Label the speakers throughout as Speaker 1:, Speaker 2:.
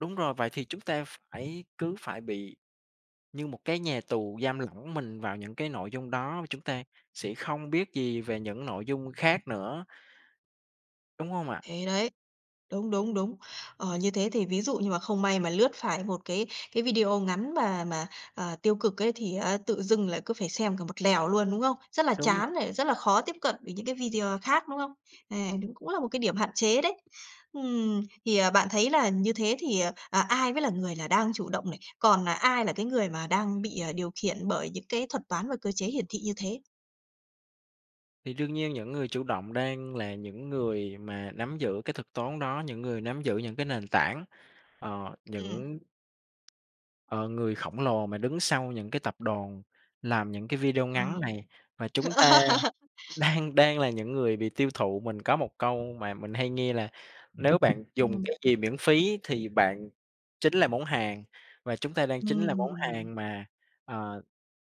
Speaker 1: Đúng rồi, vậy thì chúng ta ph phải cứ phải bị như một cái nhà tù giam lỏng mình vào những cái nội dung đó mà chúng ta sẽ không biết gì về những nội dung khác nữa. Đúng hông ạ?
Speaker 2: Thế đấy! Đúng, đúng, đúng. Ờ, như thế thì ví dụ như mà không may mà lướt phải một cái cái video ngắn mà mà, à, tiêu cực ấy thì á tự dưng lại cứ phải xem cả một lèo luôn, đúng không? Rất là
Speaker 1: Đúng rồi.
Speaker 2: chán này, rất là khó tiếp cận với những cái video khác, đúng không? À, và cũng cũng là một cái điểm hạn chế đấy. Ừm, thì, à, bạn thấy là như thế thì, à, à, ai mới là người là đang chủ động này? Còn, à, ai là cái người mà đang bị, à, điều khiển bởi những cái thuật toán và cơ chế hiển thị như thế?
Speaker 1: Thì đương nhiên những người chủ động đang là những người mà nắm giữ cái thuật toán đó, những người nắm giữ những cái nền tảng, ờ,
Speaker 2: Ừm.
Speaker 1: những ờ, người khổng lồ mà đứng sau những cái tập đoàn, làm những cái video
Speaker 2: Ờ.
Speaker 1: ngắn này, và chúng ta đang đang đang là những người bị tiêu thụ. Mình có một câu mà mình hay nghe là "Nếu bạn dùng
Speaker 2: Ừm.
Speaker 1: cái gì miễn phí thì bạn chính là món hàng." Và chúng ta đang chính là món
Speaker 2: Ừm!
Speaker 1: hàng mà, ờ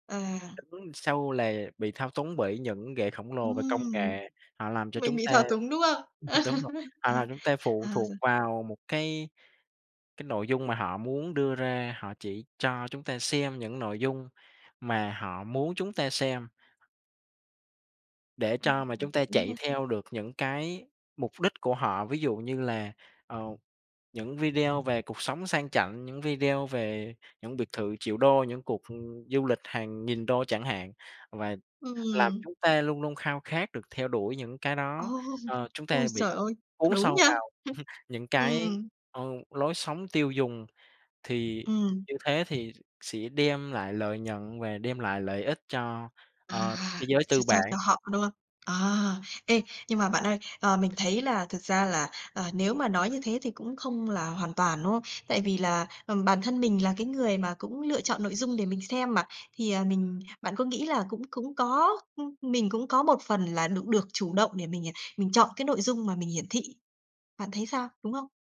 Speaker 2: À.
Speaker 1: Đứng sau là bị thao túng bởi những gã khổng lồ về công
Speaker 2: Ừm!
Speaker 1: nghệ. Họ làm cho chúng
Speaker 2: Mình bị
Speaker 1: ta
Speaker 2: thao túng, đúng không?
Speaker 1: ừ, đ đúng rồi,
Speaker 2: Ờ,
Speaker 1: à, chúng ta phụ
Speaker 2: ờ,
Speaker 1: thuộc
Speaker 2: rồi.
Speaker 1: vào một cái cái nội dung mà họ muốn đưa ra, họ chỉ cho chúng ta xem những nội dung mà họ muốn chúng ta xem. Để
Speaker 2: Ừm
Speaker 1: cho mà
Speaker 2: hừm.
Speaker 1: chúng ta
Speaker 2: Đúng
Speaker 1: chạy
Speaker 2: nha!
Speaker 1: theo được những cái mục đích của họ, ví dụ như là, ờ, những video về cuộc sống sang chảnh, những video về những biệt thự triệu đô, những cuộc, ừm, du lịch hàng nghìn đô chẳng hạn. Và làm
Speaker 2: Ừm.
Speaker 1: chúng ta luôn luôn khao khát được theo đuổi những cái đó,
Speaker 2: Ô!
Speaker 1: ờ, chúng
Speaker 2: Ôi,
Speaker 1: ta bị
Speaker 2: trời ơi,
Speaker 1: cuốn
Speaker 2: đúng
Speaker 1: sâu
Speaker 2: nha!
Speaker 1: vào những
Speaker 2: Hưm.
Speaker 1: cái,
Speaker 2: Ừm.
Speaker 1: ờ, lối sống tiêu dùng, thì
Speaker 2: Ừm.
Speaker 1: như thế thì sẽ đem lại lợi nhuận và đem lại lợi ích cho, ờ,
Speaker 2: À,à!
Speaker 1: cái giới
Speaker 2: Ch
Speaker 1: tư
Speaker 2: cho cho cho
Speaker 1: bản.
Speaker 2: họ, đúng không? À! Ê, nhưng mà bạn ơi, ờ, mình thấy là thực ra là, à, nếu mà nói như thế thì cũng không là hoàn toàn, đúng không? Tại vì là, ừm, bản thân mình là cái người mà cũng lựa chọn nội dung để mình xem mà, thì, à, mình bạn có nghĩ là cũng cũng có ưm, mình cũng có một phần là được được chủ động để mình, à, mình chọn cái nội dung mà mình hiển thị? Bạn thấy sao, đúng không?